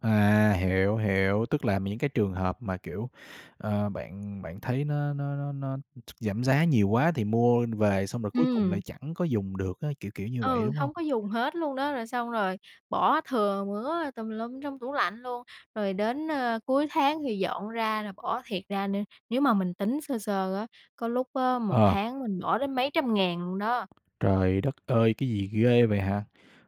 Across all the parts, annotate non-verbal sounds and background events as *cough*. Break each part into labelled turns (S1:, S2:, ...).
S1: À, hiểu, hiểu. Tức là m những cái miễn hợp mà, kiểu, ờ, bạn, bạn thấy nó nó nó nó giảm giá nhiều quá thì mua về, xong rồi cuối cùng lại
S2: Ừm.
S1: chẳng có dùng được á. Kiểu kiểu như vậy,
S2: Ừ,
S1: đúng hông?
S2: hông có dùng hết luôn đó. Rồi xong rồi bỏ thừa mứa tùm lum trong tủ lạnh luôn. Rồi đến, a, cuối tháng thì dọn ra là bỏ thiệt ra nê nếu mà mình tính sơ sơ á, có lúc á một
S1: Ờ.
S2: tháng mình bỏ đến mấy trăm ngàn luôn đó.
S1: Trời đất ơi, cái gì ghê vậy hả?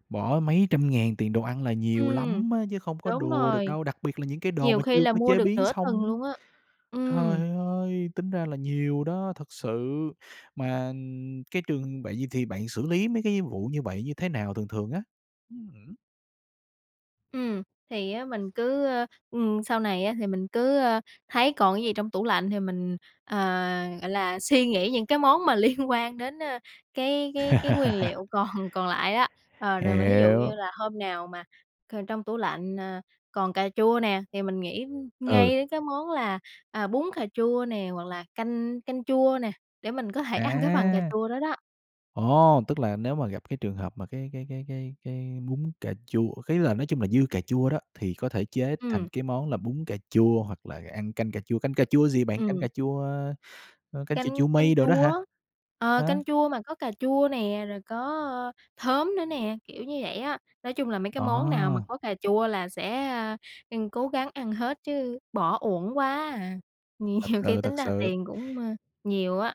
S1: Bỏ mấy trăm ngàn tiền đồ ăn là nhiều
S2: Ừm.
S1: lắm á chứ không có
S2: Đúng
S1: đùa được
S2: rồi.
S1: đâu, đặc biệt là những cái đồ
S2: Nhiều
S1: mà
S2: khi
S1: chưa
S2: là
S1: có
S2: mua
S1: chế
S2: được
S1: biến
S2: nửa tuần
S1: xong á.
S2: luôn á. Ừm.
S1: Trời ơi! Tính ra là nhiều đó, thực sự. Mà cái trường vậy thì bạn xử lý mấy cái vụ như vậy như thế nào, thường thường á? *unintelligible*
S2: Ừm, thì á mình cứ, ơ, ừm, sau này á thì mình cứ, ơ, thấy còn cái gì trong tủ lạnh thì mình, ờ, gọi là, suy nghĩ những cái món mà liên quan đến, a, cái cái cái nguyên liệu
S1: *laughs*
S2: còn còn lại á. Ờ, rồi mà thí dụ như
S1: Hiểu.
S2: là hôm nào mà c trong tủ lạnh, à, còn cà chua nè, thì mình nghĩ
S1: Ừ.
S2: ngay cái món là, à, bún cà chua nè, hoặc là canh canh chua nè, để mình có thể ăn cái phần cà
S1: À!
S2: chua đó đó.
S1: Ồ! Tức là nếu mà gặp cái trường hợp mà cái cái cái cái cái bún cà chua ý là nói chung là dư cà chua đó, thì có thể chế thành
S2: Ừm.
S1: cái món là bún cà chua hoặc là ăn canh cà chua. Canh cà chua gì bạn? Canh
S2: Ừm.
S1: cà chua, a, canh ch
S2: Canh
S1: chua
S2: canh
S1: mây đồ đó
S2: chua
S1: hả?
S2: á. Ờ,
S1: Ờ.
S2: canh chua mà có cà chua nè, rồi có khóm nữa nè, kiểu như vậy á. Nói chung là mấy cái món nào mà
S1: À!
S2: có cà chua là sẽ, a, ăn cố gắng ăn hết chứ bỏ uổng quá à.
S1: Thật
S2: Nhiều khi
S1: sự,
S2: tính
S1: thật
S2: ra
S1: sự.
S2: tiền cũng, ơ, nhiều á.